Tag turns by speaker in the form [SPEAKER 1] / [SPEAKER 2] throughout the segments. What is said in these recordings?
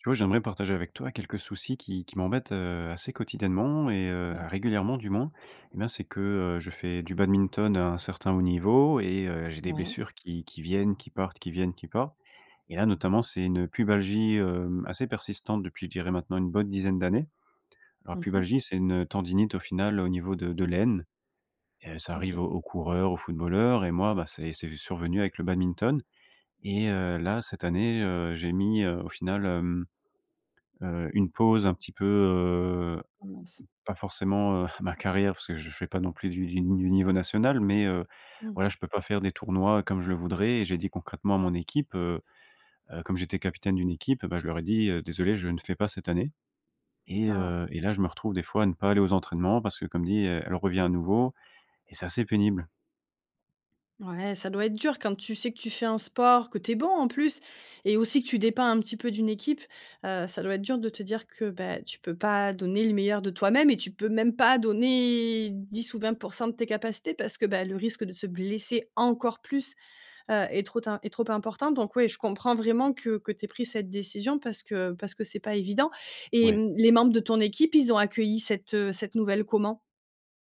[SPEAKER 1] Tu vois, j'aimerais partager avec toi quelques soucis qui qui m'embêtent, heu, assez quotidiennement et heu,
[SPEAKER 2] Ouais.
[SPEAKER 1] régulièrement du moins. Eh bien, c'est que, heu, je fais du badminton, à un certain haut niveau et heu, j'ai des
[SPEAKER 2] Ouais.
[SPEAKER 1] blessures qui qui viennent, qui partent, qui viennent, qui partent et là notamment, c'est une pubalgie, hem, assez persistante depuis je dirais maintenant une bonne dizaine d'années. Alors
[SPEAKER 2] Mmh mh.
[SPEAKER 1] pubalgie, c'est une, heu, tendinite au final au niveau de de l'aine, heu, ça arrive
[SPEAKER 2] OK.
[SPEAKER 1] aux aux coureurs, aux footballeurs et moi bah, c'est c'est survenu avec le badminton et heu, là, cette année, heu, j'ai mis, heu, au final, hem, heu, une pause un petit peu, heu,
[SPEAKER 2] Oh mince.
[SPEAKER 1] pas forcément, heu, ma carrière, parce que je fais pas non plus du du ni niveau national, mais heu,
[SPEAKER 2] Mmh.
[SPEAKER 1] voilà, je peux pas faire des tournois, comme je le voudrais et j'ai dit concrètement à mon équipe, heu, heu, comme j'étais capitaine d'une équipe, eh bah, je leur ai dit, heu: «Désolé, je ne fais pas cette année» et
[SPEAKER 2] Ah!
[SPEAKER 1] heu et là, je me retrouve des fois à ne pas aller aux entraînements parce que, comme dit, heu, elle revient à nouveau et c'est assez pénible.
[SPEAKER 2] Ouais, ça doit être dur quand tu sais que tu fais un sport, que tu es bon en plus et aussi que tu dépends un petit peu d'une équipe, heu, ça doit être dur de te dire que, bah, tu peux pas donner le meilleur de toi-même et tu peux même pas donner 10 ou 20 % de tes capacités parce que bah, le risque de se blesser encore plus, heu, est trop tin est trop important. Donc ouais, je comprends vraiment que que tu aies pris cette décision parce que parce que c'est pas évident et
[SPEAKER 1] Ouais.
[SPEAKER 2] mmh, les membres de ton équipe ils ont accueilli cette, heu, cette nouvelle comment?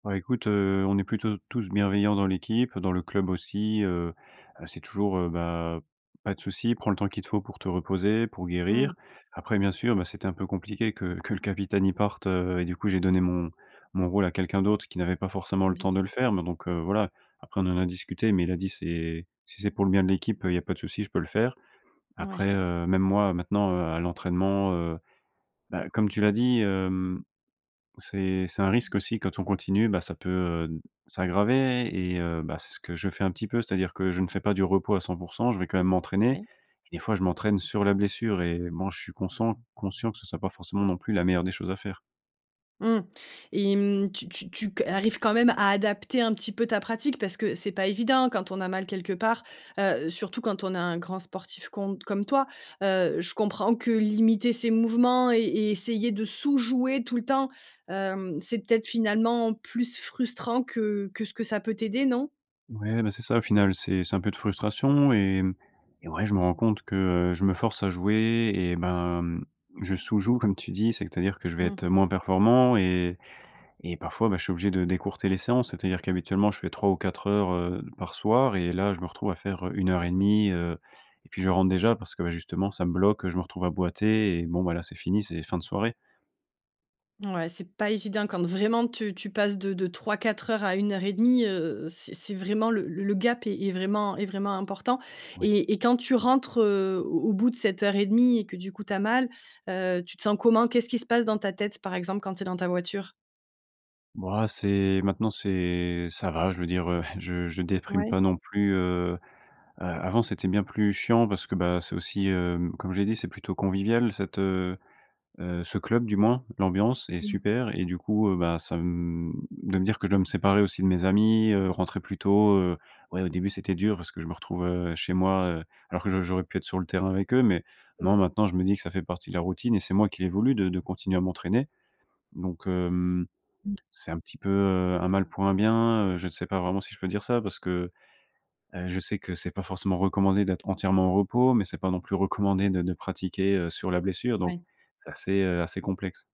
[SPEAKER 1] Ouais, écoute, heu, on est plutôt tous bienveillants dans l'équipe, dans le club aussi, heu, heu, c'est toujours, heu: «Bah, pas de souci, prends le temps qu'il faut pour te reposer, pour guérir».
[SPEAKER 2] Mmh.
[SPEAKER 1] Après, bien sûr, bah, c'était un peu compliqué que que le capitaine, il parte, heu et du coup, j'ai donné mon mon rôle à quelqu'un d'autre qui n'avait pas forcément
[SPEAKER 2] Bien
[SPEAKER 1] le temps
[SPEAKER 2] sûr.
[SPEAKER 1] de le faire. Mais donc heu, voilà, après on en a discuté, mais il a dit: «C'est si c'est pour le bien de l'équipe, heu, il y a pas de souci, je peux le faire».
[SPEAKER 2] Mouais.
[SPEAKER 1] Après, heu, même moi maintenant à l'entraînement, heu, bah, comme tu l'as dit, hem, c'est c'est un risque aussi. Quand on continue, bah, ça peut, heu, s'aggraver et heu, bah, c'est ce que je fais un petit peu. C'est-à-dire que je ne fais pas du repos à 100 %, je vais quand même m'entraîner.
[SPEAKER 2] Ouais.
[SPEAKER 1] Des fois, je m'entraîne sur la blessure et bon je suis conscient conscient que ce soit pas forcément non plus la meilleure des choses à faire.
[SPEAKER 2] Mmh et mmh, tu tu tu que arrives quand même à adapter un petit peu ta pratique? Parce que c'est pas évident, quand on a mal quelque part, heu, surtout quand on a un grand sportif con comme toi, heu, je comprends que limiter ses mouvements et et essayer de sous jouer tout le temps, hem, c'est peut-être finalement plus frustrant que que ce que ça peut t'aider non?
[SPEAKER 1] Ouais, bah, c'est ça au final. C'est c'est un peu de frustration et mmh et ouais je me rends compte que, heu, je me force à jouer et ben, mmh, je sous joue comme tu dis. C'est-à-dire que je vais
[SPEAKER 2] Mmh.
[SPEAKER 1] être, heu, moins performant et et parfois, bah, je suis obligé de d'écourter les séances. C'est-à-dire qu'habituellement je fais 3 ou 4 heures, heu, par soir et là je me retrouve à faire, heu, 1 heure et demie, heu et puis je rentre déjà parce que, bah, justement ça me bloque, heu, je me retrouve à boiter et bon, bah là, c'est fini, c'est fin de soirée.
[SPEAKER 2] Mouais, c'est pas évident quand vraiment tu tu passes de de 3-4 heures à 1 heure et 1/2, heu heu, c'est c'est vraiment le l le gap est est vraiment est vraiment important
[SPEAKER 1] Ouais.
[SPEAKER 2] et et quand tu rentres, heu, au au bout de cette heure et 1/2 et que du coup tu as mal, heu, tu te sens comment? Qu'est-ce qui se passe dans ta tête, par exemple, quand tu es dans ta voiture?
[SPEAKER 1] Bo ah, c'est maintenant c'est ça va, je veux dire, heu, je je déprime
[SPEAKER 2] Ouais.
[SPEAKER 1] pas non plus, heu heu, avant, c'était bien plus chiant parce que, bah, c'est aussi, hem, comme je l'ai dit, c'est plutôt convivial cette heu, heu, ce club du moins. L'ambiance est
[SPEAKER 2] Mmh.
[SPEAKER 1] super et du coup, heu, bah, ça, mmh, de me dire que je dois me séparer aussi de mes amis, heu, rentrer plus tôt, heu, ouais, au début, c'était dur parce que je me retrouvais, heu, chez moi, heu, alors que j'au j'aurais pu être sur le terrain avec eux. Mais,
[SPEAKER 2] Mmh.
[SPEAKER 1] non, maintenant, je me dis que ça fait partie de la routine et c'est moi qui l'ai voulu de de continuer à m'entraîner donc, hem,
[SPEAKER 2] Mmh.
[SPEAKER 1] c'est un petit peu, heu, un mal pour un bien, heu, je sais pas vraiment si je peux dire ça parce que, heu, je sais que c'est pas forcément recommandé d'être entièrement au repos, mais c'est pas non plus recommandé de de pratiquer, heu, sur la blessure. Donc
[SPEAKER 2] Ouais.
[SPEAKER 1] c'est assez, heu, assez complexe.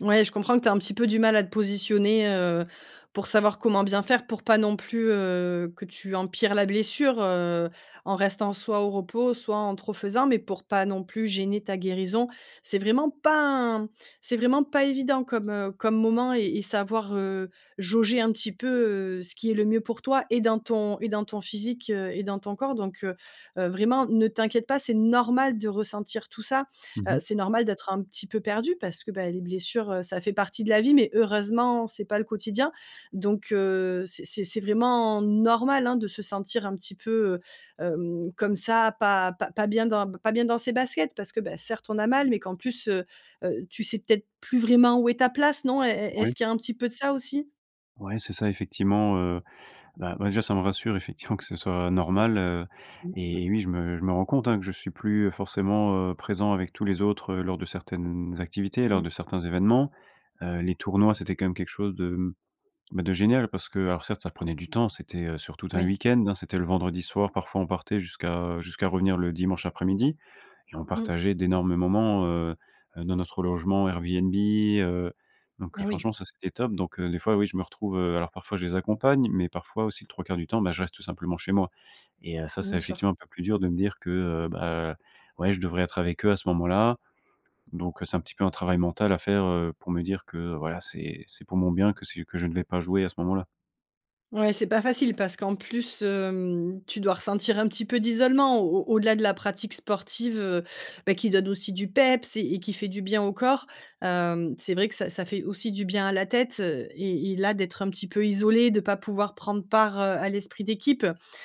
[SPEAKER 2] Ouais, je comprends que tu aies un petit peu du mal à te positionner, heu, pour savoir comment bien faire. Pour pas non plus, heu, que tu empires la blessure, heu, en restant soit au repos soit en trop faisant, mais pour pas non plus gêner ta guérison. C'est vraiment pas un c'est vraiment pas évident comme, heu, comme moment et et savoir, heu, jauger un petit peu, heu, ce qui est le mieux pour toi et dans ton et dans ton physique, heu et dans ton corps. Donc, heu heu, vraiment ne t'inquiète pas, c'est normal de ressentir tout ça,
[SPEAKER 1] Mmh
[SPEAKER 2] heu,
[SPEAKER 1] mh.
[SPEAKER 2] c'est normal d'être un petit peu perdu, parce que, bah, les blessures, heu, ça fait partie de la vie mais, heureusement, c'est pas le quotidien. Donc, heu, c'est c'est c'est vraiment normal, hein, de se sentir un petit peu, heu, hem, comme ça, pas pas pas bien dans b pas bien dans ses baskets parce que, beh, certes on a mal mais qu'en plus, heu heu, tu sais peut-être plus vraiment où est ta place, non? Est est
[SPEAKER 1] Oui.
[SPEAKER 2] est-ce qu'il y a un petit peu de ça aussi?
[SPEAKER 1] Ouais, c'est ça effectivement, heu bah, ouais, déjà ça me rassure effectivement que ce soit normal, heu
[SPEAKER 2] Bien sûr.
[SPEAKER 1] et oui, je me je me rends compte, hein, que je suis plus forcément, heu, présent avec tous les autres, heu, lors de certaines activités, lors
[SPEAKER 2] Mmh.
[SPEAKER 1] de certains événements, heu, les tournois, c'était quand même quelque chose de, mmh, bah, de génial parce que alors certes, ça prenait du temps. C'était, heu, sur tout un
[SPEAKER 2] Oui.
[SPEAKER 1] weekend, hein. C'était le vendredi soir, parfois, on partait jusqu'à, heu, jusqu'à revenir le dimanche après-midi et on
[SPEAKER 2] Mmh.
[SPEAKER 1] partageait d'énormes moments, heu, heu, dans notre logement Airbnb, heu donc, heu,
[SPEAKER 2] Mais oui!
[SPEAKER 1] franchement, ça, c'était top. Donc, heu, des fois, oui, je me retrouve, heu, alors parfois je les accompagne, mais parfois aussi, les 3/4 du temps, bah je reste tout simplement chez moi et heu, ça, c'est
[SPEAKER 2] Mmh, sûr.
[SPEAKER 1] effectivement un peu plus dur de me dire que, heu, bah, ouais, je devrais être avec eux à ce moment-là donc, heu, c'est un petit peu un travail mental à faire, heu, pour me dire que voilà, c'est c'est pour mon bien que c'est que je ne vais pas jouer à ce moment-là.
[SPEAKER 2] Ouais, c'est pas facile parce qu'en plus, hem, tu dois ressentir un petit peu d'isolement. Au au au-delà de la pratique sportive, heu, beh, qui donne aussi du peps et et qui fait du bien au corps, hem, c'est vrai que ça ça fait aussi du bien à la tête, heu, et et là d'être un petit peu isolé, de pas pouvoir prendre part, heu, à l'esprit d'équipe,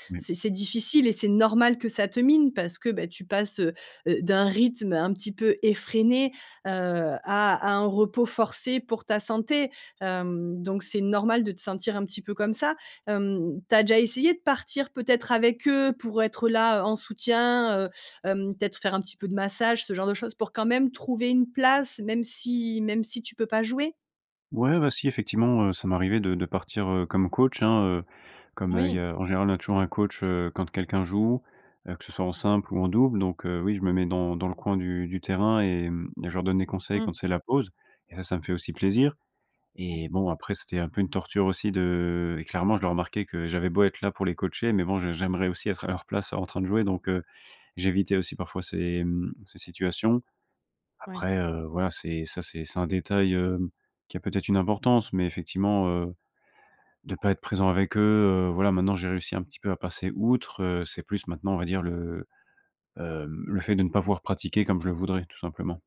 [SPEAKER 1] Mais
[SPEAKER 2] c'est c'est difficile et c'est normal que ça te mine, parce que, beh, tu passes, heu heu, d'un rythme un petit peu effréné, heu, à à un repos forcé pour ta santé, hem, donc c'est normal de te sentir un petit peu comme ça. Hem, tu as déjà essayé de partir peut-être avec eux, pour être là, heu, en soutien, heu, hem, peut-être faire un petit peu de massages, ce genre de choses, pour quand même trouver une place, même si même si tu peux pas jouer?
[SPEAKER 1] Ouais, bah, si effectivement, heu, ça m'est arrivé de de partir, heu, comme coach, hein, heu, comme, heu, il y
[SPEAKER 2] Oui.
[SPEAKER 1] a en général on a toujours un coach, heu, quand quelqu'un joue, heu, que ce soit en simple ou en double. Donc heu, oui, je me mets dans dans le coin du du terrain et mmh et je leur donne des conseils
[SPEAKER 2] Mmh.
[SPEAKER 1] quand c'est la pause et ça, ça me fait aussi plaisir et
[SPEAKER 2] Oui.
[SPEAKER 1] bon, après, c'était un peu une torture aussi de et clairement, je le remarquais que j'avais beau être là pour les coacher, mais bon, j'ai j'aimerais aussi être à leur place en train de jouer. Donc heu, j'évitais aussi parfois ces, mmh, ces situations.
[SPEAKER 2] Ouais.
[SPEAKER 1] Après, heu, voilà, c'est ça c'est c'est un détail, hem, qui a peut être une importance, mais effectivement, heu, de pas être présent avec eux, heu, voilà, maintenant, j'ai réussi un petit peu à passer outre, heu, c'est plus maintenant, on va dire le, hem, le fait de ne pas
[SPEAKER 2] Ouais.
[SPEAKER 1] pouvoir pratiquer comme je le voudrais, tout simplement.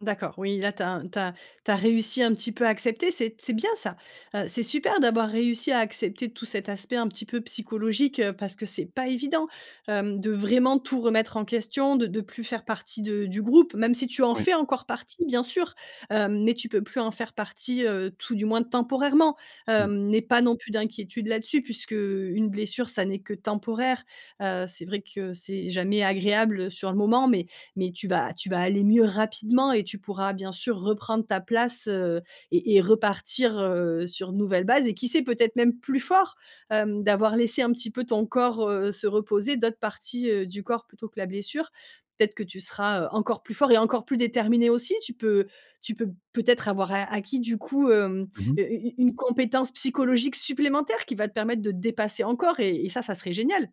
[SPEAKER 2] D'accord. Oui, là tu as un tu as tu as réussi un petit peu à accepter, c'est c'est bien ça! Heu, c'est super d'avoir réussi à accepter tout cet aspect un petit peu psychologique, heu, parce que c'est pas évident, hem, de vraiment tout remettre en question, de de plus faire partie de du groupe. Même si tu en
[SPEAKER 1] Oui.
[SPEAKER 2] fais encore partie bien sûr, hem, mais tu peux plus en faire partie, heu, tout du moins temporairement,
[SPEAKER 1] Mmh.
[SPEAKER 2] hem, n'aie pas non plus d'inquiétude là-dessus puisqu'une blessure, ça n'est que temporaire, heu, c'est vrai que c'est jamais agréable, heu, sur le moment. Mais mais tu vas tu vas aller mieux rapidement et tu pourras bien sûr reprendre ta place, heu et-et repartir, heu, sur une nouvelle base et qui sait peut-être même plus fort, hem, d'avoir laissé un petit peu ton corps, heu, se reposer, d'autres parties, heu, du corps plutôt que la blessure. Peut-être que tu seras, heu, encore plus fort et encore plus déterminé aussi. Tu peux tu peux peut-être avoir a acquis du coup, hem,
[SPEAKER 1] Mmh mh.
[SPEAKER 2] heu, u u une compétence psychologique supplémentaire qui va te permettre de te dépasser encore et et ça, ça serait génial!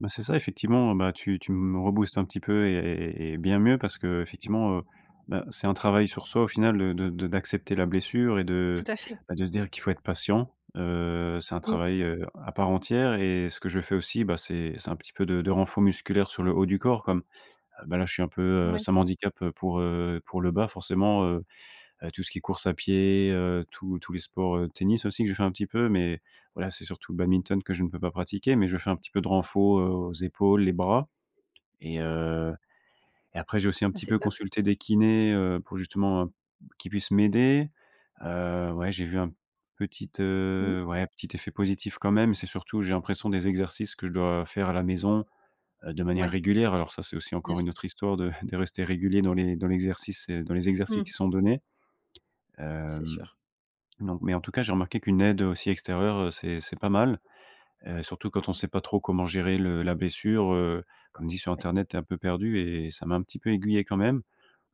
[SPEAKER 1] Bah, c'est ça, effectivement, bah, tu tu me rebooste un petit peu et et et bien mieux parce qu'effectivement, heu, bah, c'est un travail sur soi au final de de d'accepter la blessure et de
[SPEAKER 2] Tout à fait.
[SPEAKER 1] bah, de se dire qu'il faut être patient, heu, c'est un
[SPEAKER 2] Mmh.
[SPEAKER 1] travail, heu, à part entière et ce que je fais aussi, bah, c'est c'est un petit peu de de renfo musculaire sur le haut du corps comme, bah, là, je suis un peu, heu,
[SPEAKER 2] Ouais.
[SPEAKER 1] ça m'handicape pour, heu, pour le bas, forcément, heu heu, tout ce qui est course à pied, heu, tous tous les sports, heu, tennis aussi, que je fais un petit peu. Mais voilà, c'est surtout le badminton que je ne peux pas pratiquer mais je fais un peu de renfo, heu, aux épaules, les bras et heu, et après, j'ai aussi un
[SPEAKER 2] Bah,
[SPEAKER 1] petit
[SPEAKER 2] c'est
[SPEAKER 1] peu
[SPEAKER 2] top!
[SPEAKER 1] consulté des kinés, heu, pour justement, heu, qu'ils puissent m'aider, heu, ouais, j'ai vu un petit,
[SPEAKER 2] Mmh mh.
[SPEAKER 1] heu, ouais, petit effet positif quand même. C'est surtout, j'ai l'impression des exercices que je dois faire à la maison, heu, de manière
[SPEAKER 2] Ouais.
[SPEAKER 1] régulière alors, ça, c'est aussi
[SPEAKER 2] Bien
[SPEAKER 1] encore une
[SPEAKER 2] sûr.
[SPEAKER 1] autre histoire de de rester régulier dans les dans l'exercice et dans les exercices
[SPEAKER 2] Mmh.
[SPEAKER 1] qui sont donnés,
[SPEAKER 2] C'est
[SPEAKER 1] hem,
[SPEAKER 2] sûr.
[SPEAKER 1] non, mais en tout cas, j'ai remarqué qu'une aide aussi extérieure, heu, c'est c'est pas mal, heu, surtout quand on sait pas trop comment gérer le la blessure, heu, comme dit sur
[SPEAKER 2] Ouais.
[SPEAKER 1] internet: «Tu es un peu perdu» et et ça m'a un petit peu aiguillé quand même.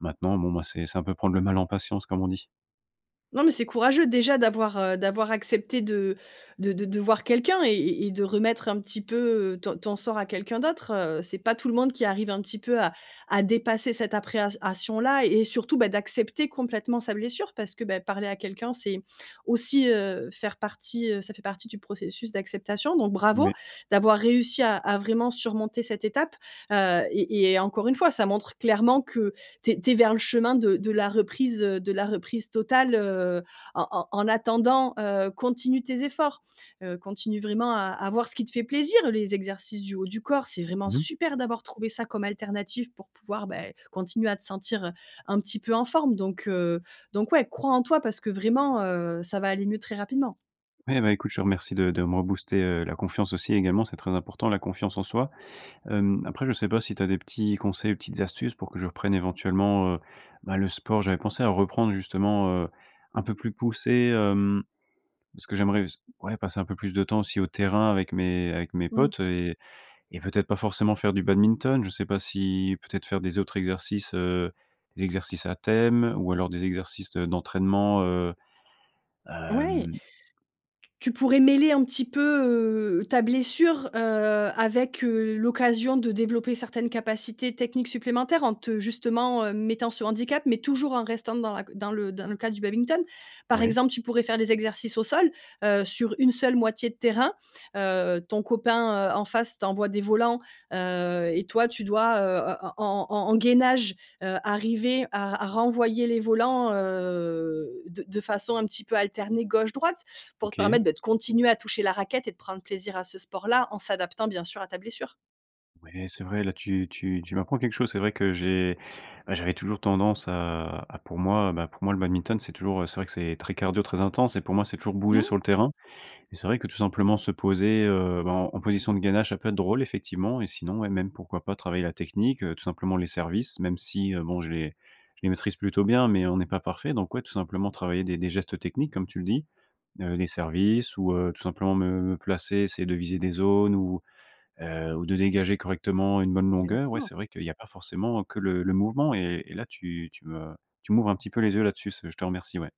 [SPEAKER 1] Maintenant, bon, moi, c'est c'est un peu «prendre le mal en patience», comme on dit.
[SPEAKER 2] Non, mais c'est courageux déjà d'avoir, heu d'avoir accepté de de de de voir quelqu'un et et et de remettre un petit peu ton ton sort à quelqu'un d'autre, heu. C'est pas tout le monde qui arrive un petit peu à à dépasser cette appréhension là et surtout, bah, d'accepter complètement sa blessure parce que, beh, parler à quelqu'un, c'est aussi, heu, faire partie ça fait partie du processus d'acceptation donc, bravo
[SPEAKER 1] Ouais.
[SPEAKER 2] d'avoir réussi à à vraiment surmonter cette étape, heu. Et et encore 1 fois, ça montre clairement que tu es tu es vers le chemin de de la reprise, heu de la reprise totale, heu, en en en attendant, heu, continue tes efforts. Heu, continue vraiment à à voir ce qui te fait plaisir, les exercices du haut du corps, c'est vraiment
[SPEAKER 1] Mmh mh.
[SPEAKER 2] super d'avoir trouvé ça comme alternative pour pouvoir, bah, continuer à te sentir un petit peu en forme donc heu, donc ouais, crois en toi parce que vraiment, heu, ça va aller mieux très rapidement.
[SPEAKER 1] Ouais, bah, écoute, je te remercie de de me rebooster, heu, la confiance aussi également, c'est très important la confiance en soi. Hem, après, je sais pas si tu as des petits conseils, ou petites astuces pour que je reprenne éventuellement, heu, bah, le sport. J'avais pensé à reprendre, justement, heu, un peu plus poussé, hem, parce que j'aimerais s ouais, passer un peu plus de temps aussi au terrain avec mes avec mes
[SPEAKER 2] Mmh.
[SPEAKER 1] potes et et peut-être pas forcément faire du badminton. Je sais pas si, peut-être, faire des autres exercices, heu des exercices à thème, ou alors des exercices de d'entraînement, heu
[SPEAKER 2] Ouais. T
[SPEAKER 1] hem
[SPEAKER 2] tu pourrais mêler un petit peu, heu, ta blessure, heu, avec, heu, l'occasion de développer certaines capacités techniques supplémentaires en te justement, heu mettant ce handicap, mais toujours en restant dans la c dans le dans le cas du badminton. Par
[SPEAKER 1] Oui.
[SPEAKER 2] exemple, tu pourrais faire des exercices au sol, heu, sur une seule moitié de terrain, heu, ton copain, heu, en face t'envoie des volants, heu, et toi, tu dois, heu, en en en en gainage, heu, arriver à r à renvoyer les volants, heu, de de façon un petit peu alternée, gauche, droite, pour te permettre,
[SPEAKER 1] OK.
[SPEAKER 2] beh, de continuer à toucher la raquette et de prendre plaisir à ce sport là, en s'adaptant, bien sûr, à ta blessure.
[SPEAKER 1] Oui, c'est vrai, là tu tu tu m'apprends quelque chose, c'est vrai que j'ai ouais, j'avais toujours tendance à à pour moi bah, pour moi, le badminton c'est toujours, heu, c'est vrai que c'est très cardio, très intense et pour moi, c'est toujours bouger
[SPEAKER 2] Mmh.
[SPEAKER 1] sur le terrain. Et c'est vrai que, tout simplement, se poser, heu, bah, en en position de gainage, ça peut être drôle, effectivement. Et sinon, ouais, même pourquoi pas travailler la technique, heu, tout simplement les services, même si, heu, bon, je les je les maîtrise plutôt bien, mais on n'est pas parfait. Donc, ouais, tout simplement travailler des des gestes techniques, comme tu le dis. Heu, des services ou heu, tout simplement me me placer, essayer de viser des zones ou heu ou de dégager correctement une bonne longueur. Ouais,
[SPEAKER 2] Exactement.
[SPEAKER 1] c'est vrai qu'il y a pas forcément que le le mouvement et et là tu tu me tu m'ouvres un petit peu les yeux là-dessus. Ce je te remercie, ouais.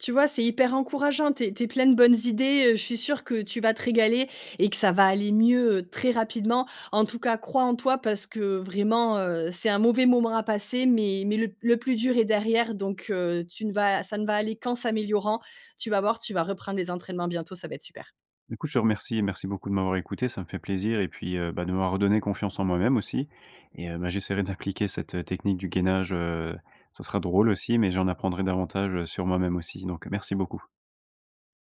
[SPEAKER 2] Tu vois, c'est hyper encourageant, tu es tu es plein de bonnes idées, heu, je suis sûre que tu vas te régaler et que ça va aller mieux très rapidement. En tout cas, crois en toi parce que vraiment, heu, c'est un mauvais moment à passer mais mais le le plus dur est derrière donc heu, tu ne vas ça ne va aller qu'en s'améliorant. Tu vas voir, tu vas reprendre les entraînements bientôt, ça va être super.
[SPEAKER 1] Du coup, je te remercie et merci beaucoup de m'avoir écouté, ça me fait plaisir et puis, heu, bah de m'avoir redonné confiance en moi-même aussi et heu, bah, j'essaierai d'appliquer cette, heu, technique du gainage, heu, ça sera drôle aussi, mais j'en apprendrai davantage, heu, sur moi-même aussi, donc merci beaucoup.